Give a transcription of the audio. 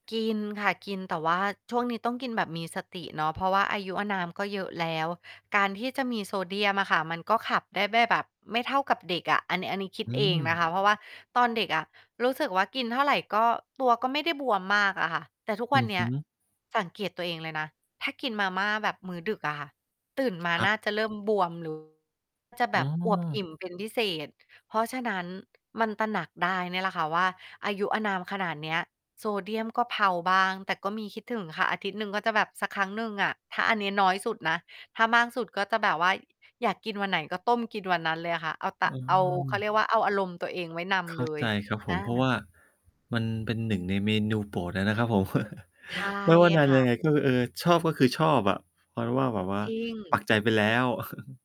กินค่ะ กิน แต่ว่าช่วงนี้ต้องกินแบบมีสติเนาะ เพราะว่าอายุอานามก็เยอะแล้ว การที่จะมีโซเดียมอะค่ะ มันก็ขับได้แบ้ แบบไม่เท่ากับเด็กอะ อัน น อันนี้คิดอืเองนม ะคะ เพราะว่าตอนเด็กอะรู้สึกว่า กินเท่าไรก็ ตัวก็ไม่ได้บวมมากอะค่ะ แต่ทุกอวืันอเนฮี้ึ ย สังเกตตัวเองเลยนะ ถ้ากินมาม่าแบบมื้อดึกอะค่ะ ตื่นมาครหันบ ้าจะเริ่มบวม หรือ จะแบอ้บอวบอิอ ่มเป็นพิเศษ เพราะฉะนั้น มันตระหนักได้เนี่ยแหละค่ะว่า อายุอานามขนาดเนี้ย โซเดียมก็เพลาบ้าง แต่ก็มีคิดถึงค่ะ อาทิตย์หนึ่งก็จะแบบสักครั้งหนึ่งอะ ถ้า อันนี้น้อยสุดนะ ถ้ามากสุดก็จะแบบว่าอยากกินวันไหนก็ต้มกินวันนั้นเลยอะค่ะ เอาตเอะ อ เอา ห้าม เขาเรียกว่า เอาอารมณ์ตัวเองไว้นเขำ้เาลย ใจครับผอม เพราะา ว่ามันเป็นหนึ่งในเมนูโปรดอะนะครับผม ใช่ ไม่ว่านาคน่ะ ยังไงก็ เออ ชอบก็คือชอบอะ เพราะว่าแบบว่าจริปัง กใจไปแล้ว